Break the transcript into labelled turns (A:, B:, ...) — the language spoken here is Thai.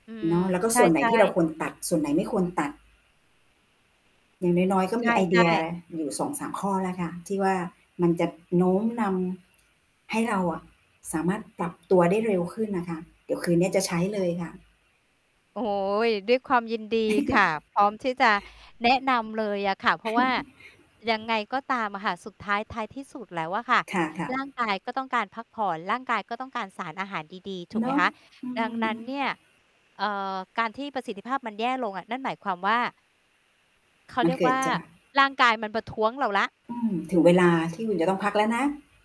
A: อืม
B: เนาะ แล้วก็
A: ใช
B: ส่วนไหน
A: ่
B: ที่เรา
A: ๆ
B: ควรตัด ส่วนไหนไม่ควรตัด อย่างน้อย ๆ ก็
A: ใช
B: มีไอเด
A: ่
B: ีย
A: ๆ
B: อยู่ 2-3 ข้อแล้วค่ะ ที่ว่ามันจะโน้มนำให้เราอะสามารถปรับตัวได้เร็วขึ้นนะคะ เดี๋ยวคืนเนี้ยจะใช้เลยค่ะ
A: โอ๊ย ด้วยความยินดีค่ะ พร้อมที่จะแนะนำเลยอะค่ะ เพราะว่ายังไงก็ตามอะค่ะ สุดท้าย ท้ายที่สุดแล้วอะค่ะ
B: ค่ะ
A: ร่
B: ๆ
A: างกายก็ต้องการพักผ่อน ร่างกายก็ต้องการสารอาหารดี ๆ ถูก
B: เน
A: ไหม
B: าะ
A: คะ
B: อื
A: ดังนั้นเ
B: ม
A: นี่ย เอ่อ การที่ประสิทธิภาพมันแย่ลงอะ นั่นหมายความว่า เขา
B: มั
A: เร
B: น
A: ียก
B: เก
A: ว
B: ิ
A: ่
B: ด
A: า
B: จาก
A: ร่างกายมันประท้วงเราแล้ว
B: อือ ถึงเวลาที่อุ่นจะต้องพักแล้วนะ